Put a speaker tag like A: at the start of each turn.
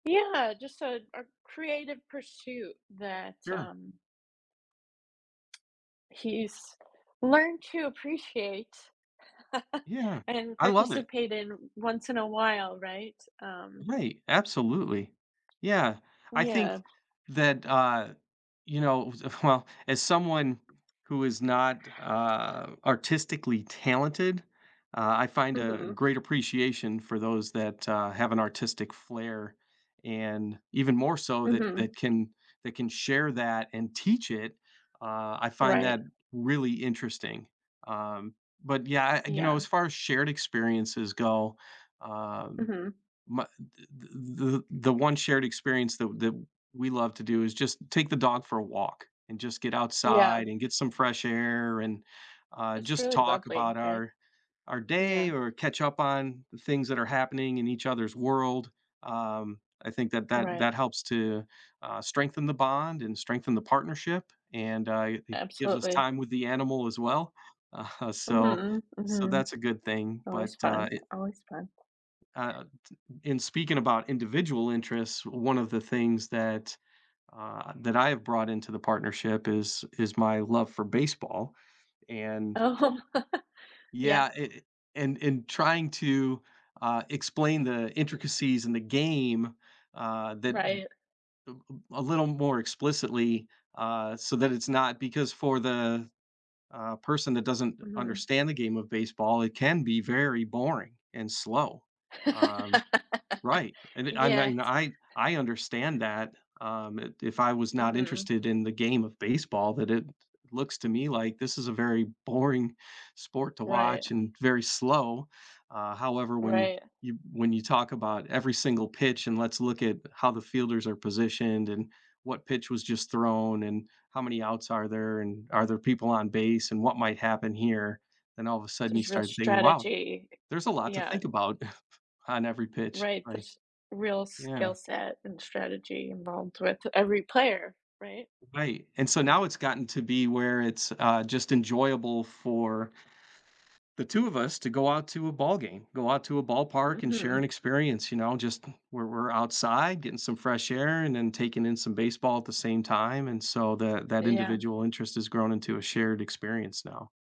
A: Yeah, just a a creative pursuit that,
B: Sure.
A: um he's learned to appreciate,
B: Yeah,
A: and
B: I love it.
A: participate in once in a while, right? Um
B: Right, absolutely. Yeah. I think
A: Yeah.
B: that, uh, you know, who's well, as someone who is not, uh, artistically talented, uh, I find a
A: Mhm.
B: great appreciation for those that, uh, have an artistic flair, and even more so that
A: Mhm.
B: that can that can share that and teach it, uh, I find
A: Right.
B: that really interesting. Um, but, yeah, eh, you know,
A: Yeah.
B: as far as shared experiences go, um,
A: Mhm.
B: m the, the the the one shared experience that that we love to do is just take the dog for a walk and just get
A: Yeah.
B: outside and get some fresh air and, uh,
A: It's
B: just
A: really
B: talk about
A: lovely, right?
B: our our day
A: Yeah.
B: or catch up on the things that are happening in each other's world. Um, I think that that
A: Right.
B: that helps to, uh, strengthen the bond and strengthen the partnership, and, uh, it gives us
A: Absolutely.
B: time with the animal as well. Aha, so,
A: Mhm,
B: so
A: mhm.
B: that's a good thing, but,
A: Always
B: uh,
A: fun,
B: it
A: always fun.
B: uh, t in speaking about individual interests, one of the things that uh, that I have brought into the partnership is is my love for baseball, and
A: Oh, yeah.
B: yeah, i i and in trying to, uh, explain the intricacies in the game, uh, that b
A: Right.
B: [unintelligible] a little more explicitly, uh, so that it's not, because for the, uh, person that doesn't
A: Mhm.
B: understand the game of baseball, it can be very boring and slow. Um, right, and I
A: Yeah.
B: mean, I I understand that, um, i if I was not
A: Mhm.
B: interested in the game of baseball, that it looks to me, like, this is a very boring sport to
A: Right.
B: watch and very slow. Uh, however, when
A: Right.
B: you when you talk about every single pitch, and let's look at how the fielders are positioned and what pitch was just thrown, and how many outs are there, and are there people on base and what might happen here? Then all of a sudden you
A: There's real
B: start thinking, wow,
A: strategy,
B: there's a lot to
A: yeah.
B: think about on every pitch,
A: Right,
B: like,
A: there's real
B: yeah.
A: skill set, and strategy involved with every player, right?
B: Right, and so now
A: Um
B: it's gotten to be where it's, uh, just enjoyable for the 2 of us to go out to a ballgame, go out to a ballpark and share
A: Mhm.
B: an experience, you know, just where we're outside getting some fresh air and then taking in some baseball at the same time, and so that that
A: Yeah.
B: individual interest has grown into a shared experience now.